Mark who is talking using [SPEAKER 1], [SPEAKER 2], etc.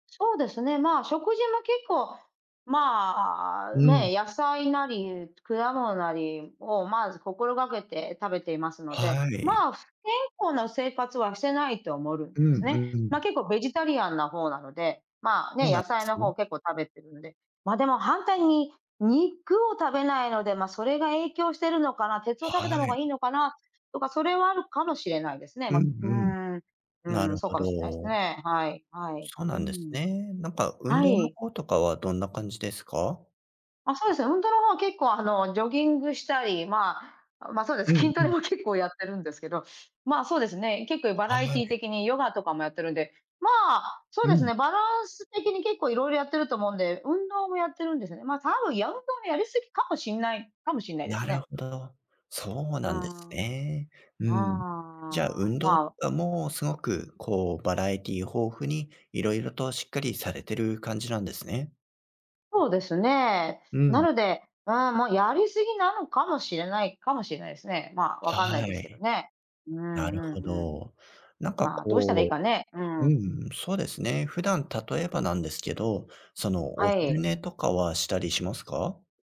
[SPEAKER 1] そうですね、ま、食事も結構、まあ、
[SPEAKER 2] うん。
[SPEAKER 1] ね、野菜なり果物なりをまず心がけて食べていますので、
[SPEAKER 2] はい。
[SPEAKER 1] ま、す健康な生活はしてないと思るん
[SPEAKER 2] う
[SPEAKER 1] で
[SPEAKER 2] ん
[SPEAKER 1] すね。
[SPEAKER 2] う
[SPEAKER 1] ま、
[SPEAKER 2] ん。
[SPEAKER 1] 結構ベジタリアンな方なので。ま、
[SPEAKER 2] お
[SPEAKER 1] ね、
[SPEAKER 2] なん
[SPEAKER 1] 野
[SPEAKER 2] で
[SPEAKER 1] 菜
[SPEAKER 2] す
[SPEAKER 1] の
[SPEAKER 2] ね。
[SPEAKER 1] 方結構食べてるんで、ま、でも反対に、肉を食べないので、ま、それが影響してるのかな、鉄を食べた
[SPEAKER 2] は
[SPEAKER 1] 方が
[SPEAKER 2] い。
[SPEAKER 1] いいのかな、とか、それはあるかもしれないですね。
[SPEAKER 2] う
[SPEAKER 1] ま
[SPEAKER 2] ん
[SPEAKER 1] う
[SPEAKER 2] うん。
[SPEAKER 1] ん、う
[SPEAKER 2] なる
[SPEAKER 1] ん、そう
[SPEAKER 2] ほ
[SPEAKER 1] かもしれないす
[SPEAKER 2] ど。
[SPEAKER 1] ね、はい、はい、
[SPEAKER 2] そう
[SPEAKER 1] う
[SPEAKER 2] なんです
[SPEAKER 1] ん。
[SPEAKER 2] ね。なんか、運
[SPEAKER 1] は
[SPEAKER 2] 動の
[SPEAKER 1] い。
[SPEAKER 2] 方とかはどんな感じですか？
[SPEAKER 1] あ、そうですね、運動の方は結構、あの、ジョギングしたり、ま、ま、そうで
[SPEAKER 2] う
[SPEAKER 1] す
[SPEAKER 2] ん
[SPEAKER 1] 筋ト
[SPEAKER 2] う
[SPEAKER 1] レ
[SPEAKER 2] ん。
[SPEAKER 1] も結構やってるんですけど、ま、そうですね、結構バ
[SPEAKER 2] は
[SPEAKER 1] ラエティー
[SPEAKER 2] い。
[SPEAKER 1] 的にヨガとかもやってるんで、ま、そう
[SPEAKER 2] う
[SPEAKER 1] です
[SPEAKER 2] ん。
[SPEAKER 1] ね、バランス的に結構いろいろやってると思うんで、運動もやってるんですよね。ま、多分やうとのやりすぎかもしんないかもしんないです
[SPEAKER 2] なる
[SPEAKER 1] ね。
[SPEAKER 2] ほど、そう
[SPEAKER 1] う
[SPEAKER 2] なんです
[SPEAKER 1] ん。うん
[SPEAKER 2] ね。う
[SPEAKER 1] う
[SPEAKER 2] ん。じゃあ、
[SPEAKER 1] んう
[SPEAKER 2] 運
[SPEAKER 1] ん、
[SPEAKER 2] 動と
[SPEAKER 1] まあ。
[SPEAKER 2] かもすごく、こう、バラエティ豊富に、色々としっかりされてる感じなんですね。
[SPEAKER 1] そうですね、
[SPEAKER 2] う
[SPEAKER 1] な
[SPEAKER 2] ん。
[SPEAKER 1] ので、うん、ま、やりすぎなのかもしれないかもしれないすね、ま、わかんない
[SPEAKER 2] は
[SPEAKER 1] ですけど
[SPEAKER 2] い。
[SPEAKER 1] ね、うんう
[SPEAKER 2] なるほ
[SPEAKER 1] んうん、
[SPEAKER 2] ど。なんか
[SPEAKER 1] ま、どうしたらいい
[SPEAKER 2] こ
[SPEAKER 1] か
[SPEAKER 2] う
[SPEAKER 1] ね？うん。
[SPEAKER 2] うん、そうですね。普段例えばなんですけど、その、お
[SPEAKER 1] は
[SPEAKER 2] 昼
[SPEAKER 1] い。
[SPEAKER 2] 寝とかはしたりしますか？